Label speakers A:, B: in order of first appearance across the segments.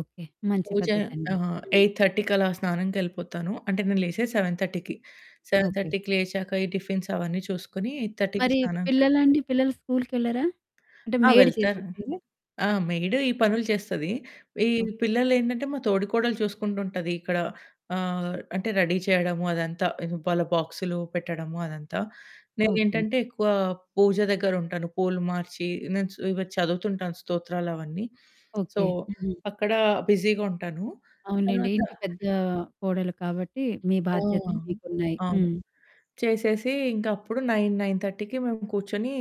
A: Okay. మంచి
B: పూజ,
A: పద్ధతండి.
B: ఆహ్,
A: హ్మ్.
B: 8:30కి అలా స్నానం కెళ్ళిపోతాను. అంటే నేను లేసేది 7:30కి. Seven
A: okay.
B: థర్టీకి లేచాక ఈ టిఫిన్స్ అవన్నీ చూసుకొని 8:30కి
A: మరి
B: స్నానానికెళ్ళిపోతా.
A: పిల్లలండి, పిల్లలు స్కూలికెళ్లరా? అంటే
B: ఆ!
A: మెయిడ్
B: వెళ్తాను.
A: చేసిద్దిలే.
B: ఆ! మెయిడ్ ఈ పనులు చేస్తది. ఈ
A: ఓకే.
B: పిల్లలేంటంటే మా తోడికోడలు చూసుకుంటూ ఉంటదిక్కడ, ఆహ్, అంటే రెడీ చేయడము అదంతా. వాళ్ళ బాక్సులు పెట్టడము అదంతా.
A: ఓకే.
B: నేనేంటంటే ఎక్కువ పూజ దగ్గరుంటాను. పూలు మార్చి నేను స్ ఇవి చదువుతుంటాను స్తోత్రాలవన్నీ. So,
A: okay. హ్మ్.
B: అక్కడ బిజీగా ఉంటాను.
A: అవునండి.
B: తర్వాత
A: ఇంటి పెద్దా కోడలు కాబట్టి మీ
B: ఆ!
A: బాధ్యతలు
B: అవును.
A: మీకున్నాయి.
B: అవును.
A: హ్మ్.
B: చేసేసి ఇంక అప్పుడు 9, 9:30కి మేము కూర్చొని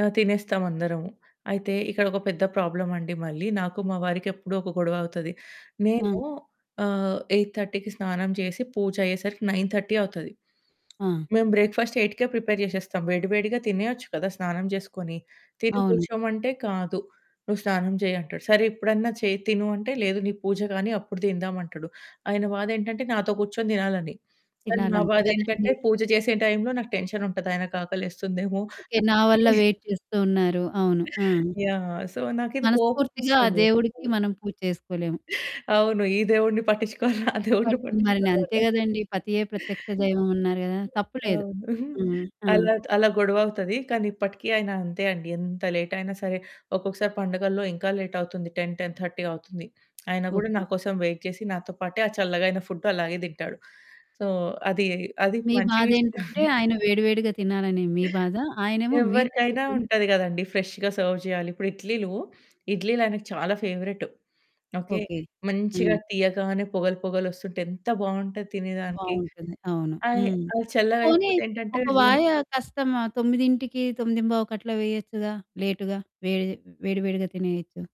B: ఆహ్, తినేస్తాం అందరము. అయితే, ఇక్కడొక పెద్ద ప్రాబ్లమండి మళ్ళీ నాకు మా వారికి ఎప్పుడూ ఒక గొడవ అవుతది.
A: ఆ!
B: నేను ఆహ్, 8:30కి స్నానం చేసి, పూజయ్యేసరికి 9:30 అవుతది.
A: ఆ!
B: మేము బ్రేక్‌ఫాస్ట్ 8కే ప్రిపేర్ జేసేస్తాం. వేడి వేడిగా తినేయచ్చు కదా! స్నానం చేసుకొని. తిని
A: అవును.
B: కూర్చోమంటే "కాదు, నువ్వు స్నానం చెయ్యి" అంటాడు. సరే ఇప్పుడన్నా చేయి, తిను అంటే, "లేదు నీ పూజ గాని అప్పుడు తిందాం" అంటడు. ఆయన బాదేంటంటే నాతో కూర్చొని తినాలని. కానీ
A: తినాలి.
B: నా
A: అంతే
B: బాదేంటంటే
A: కదండీ!
B: పూజ చేసే టైంలో నాకు టెన్షనుంటది ఆయనకి ఆకలేస్తుందేమో!
A: ఓకే. నా వల్ల
B: అని.
A: వెయిట్ చేస్తూ ఉన్నారు. అవును ఆ!
B: యాహ్! సో, నాకిది
A: మనస్ఫూర్తిగా ఆ
B: కోపమొస్తది
A: దేవుడికి
B: ఎప్పుడు.
A: మనం పూజ చేసుకోలేము.
B: అవును. ఈ దేవుడిని పట్టిచ్చుకోవాలా? ఆ దేవుడిని
A: పట్ ని
B: పట్టిచ్చుకోవాలా?
A: మరినంతే
B: అనే
A: గదండీ. పతియే ప్రత్యక్ష దైవం అన్నారు గదా! తప్పులేదు.
B: అవును.
A: హ్మ్. ఆ!
B: అలా అలా గొడవవుతది. కానీ ఇప్పటికి ఆయన అంతే అండి. ఎంత లేటయినా సరే, ఒక్కొక్కసారి పండుగల్లో ఇంకా లేటవుతుంది 10, 10:30 అవుతుంది. అయిన గూడా
A: ఓకే.
B: నాకోసం వెయిట్ చేసి నాతో పాటే ఆ చల్లగా అయిన ఫుడ్డు అలాగే తింటాడు. సో, అది అది
A: మీ
B: మంచి విషయం.
A: బాదేంటంటే ఆయన వేడివేడిగా తినాలనే మీ బాధ, ఆయనేమో మీతో
B: ఎవ్వరికైనా
A: కూర్చుని
B: ఉంటది గదండీ! ఫ్రెష్‌గా సర్వ్ జేయాలి. ఇప్పుడు ఇడ్లీలు, ఇడ్లీలు ఆయనకు చాలా ఫేవరెటు. ఓకే.
A: ఓకే.
B: మంచిగా
A: హ్మ్.
B: తీయగానే పొగలు పొగలొస్తుంటే ఎంత బావుంటది తినేదానికి!
A: బావుంటుంది. అవును
B: ఆయి
A: హ్మ్.
B: అయి
A: పోనీ
B: చల్లగయిపోతే ఏంటంటే
A: ఒక
B: [unintelligible]
A: వాయ కష్టమా! 9కి, 9:15కి అట్లా వేయొచ్చుగా? లేటుగా, వేడి వేడి వేడిగా తినేయొచ్చు.